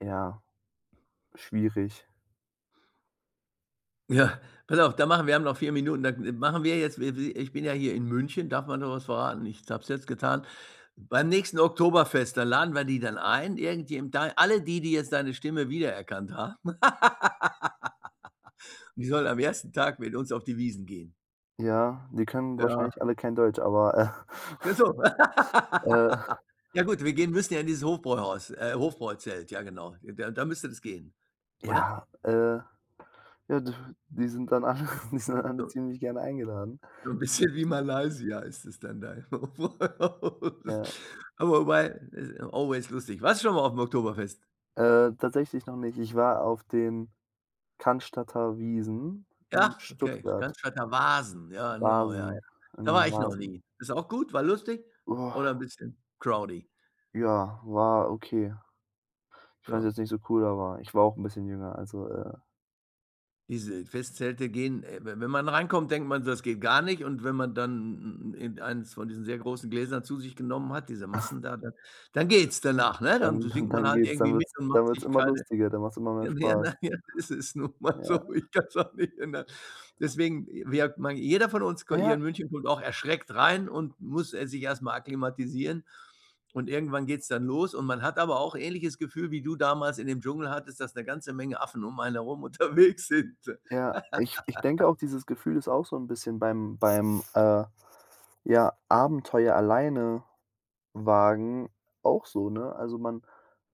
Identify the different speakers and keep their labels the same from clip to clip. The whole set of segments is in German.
Speaker 1: Ja, schwierig.
Speaker 2: Ja, pass auf, da machen wir haben noch 4 Minuten, da d machen wir jetzt wir wir ich bin ja hier in München, darf man sowas verraten? Ich habe es jetzt getan. Beim nächsten Oktoberfest, da laden wir die dann ein, irgendjem dann alle die, die jetzt deine Stimme wiedererkannt haben. Die sollen am 1. Tag mit uns auf die Wiesn gehen.
Speaker 1: Ja, die können
Speaker 2: Ja.
Speaker 1: wahrscheinlich alle kein Deutsch, aber,
Speaker 2: [unintelligible]
Speaker 1: äh.
Speaker 2: Ja gut, wir gehen müssen ja in dieses Hofbräuhaus äh, Hofbräuzelt, ja genau, der da müsste das gehen, oder?
Speaker 1: Ja, äh, ja, die die sind dann alle, die sind dann alle
Speaker 2: [unintelligible]
Speaker 1: ziemlich gerne eingeladen.
Speaker 2: So 'n bisschen wie
Speaker 1: [unintelligible]
Speaker 2: Malaysia ist es dann da. [unintelligible]
Speaker 1: Ja.
Speaker 2: Aber weil ist always lustig. Warst du schon mal aufm Oktoberfest?
Speaker 1: Äh, tatsächlich noch nicht. Ich war auf den Cannstatter Wiesn in
Speaker 2: Ja, okay,
Speaker 1: Stuttgart.
Speaker 2: Cannstatter Wasn. Ja, genau, ja, ja.
Speaker 1: Wasn ah,
Speaker 2: Da
Speaker 1: ne,
Speaker 2: war ich noch
Speaker 1: Wasn.
Speaker 2: nie. Ist auch gut, war lustig oder 'n bisschen crowdy?
Speaker 1: Ja, war okay. Ich fand's
Speaker 2: Ja.
Speaker 1: jetzt nicht so cool, aber ich war auch 'n bisschen jünger, also, äh
Speaker 2: Diese Festzelte gehen we wenn man reinkommt, denkt man so, das geht gar nicht und wenn man dann irgendeins von diesen sehr großen Gläsern zu sich genommen hat, diese Maßen da, dann dann geht's danach, ne? Dann
Speaker 1: Dann
Speaker 2: si
Speaker 1: dann
Speaker 2: singt man
Speaker 1: dann
Speaker 2: halt
Speaker 1: geht's
Speaker 2: irgendwie
Speaker 1: dann
Speaker 2: mit
Speaker 1: wird's
Speaker 2: und
Speaker 1: dann
Speaker 2: macht
Speaker 1: wird's
Speaker 2: sich
Speaker 1: immer
Speaker 2: keine
Speaker 1: lustiger, dann macht's immer mehr
Speaker 2: ja, naja
Speaker 1: Spaß.
Speaker 2: naja, es ist nun mal so,
Speaker 1: Ja.
Speaker 2: ich kann's auch nicht ändern. Deswegen wir meine jeder von uns ko
Speaker 1: Na
Speaker 2: hier
Speaker 1: ja.
Speaker 2: in München kommt auch erschreckt rein und muss er sich erstmal akklimatisieren und irgendwann geht's dann los und man hat aber auch ähnliches Gefühl wie du damals in dem Dschungel hattest, dass 'ne ganze Menge Affen um einen herum unterwegs sind.
Speaker 1: Ja, ich ich denke auch, dieses Gefühl ist auch so 'n bisschen beim beim, äh, ja Abenteuer alleine wagen auch so, ne? Also, man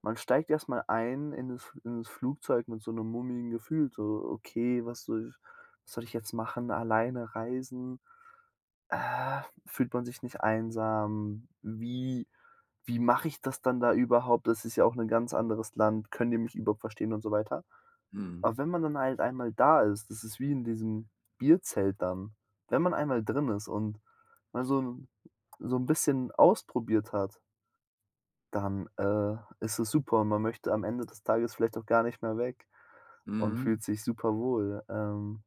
Speaker 1: man steigt erst mal ein in das F in das Flugzeug mit so 'nem mulmigen Gefühl, so: „Okay, was soll was soll ich jetzt machen. Alleine reisen, fühlt man sich nicht einsam? Wie Wie mache ich das dann da überhaupt? Das ist ja auch 'ne ganz anderes Land. Können die mich überhaupt verstehen und so weiter?“
Speaker 2: Mhm.
Speaker 1: Aber wenn man dann halt einmal da ist, das ist wie in diesem Bierzelt dann. Wenn man einmal drin ist und mal so 'n so 'n bisschen ausprobiert hat dann, äh, ist es super und man möchte am Ende des Tages vielleicht auch gar nicht mehr weg und fühlt
Speaker 2: Mhm.
Speaker 1: sich super wohl. Ähm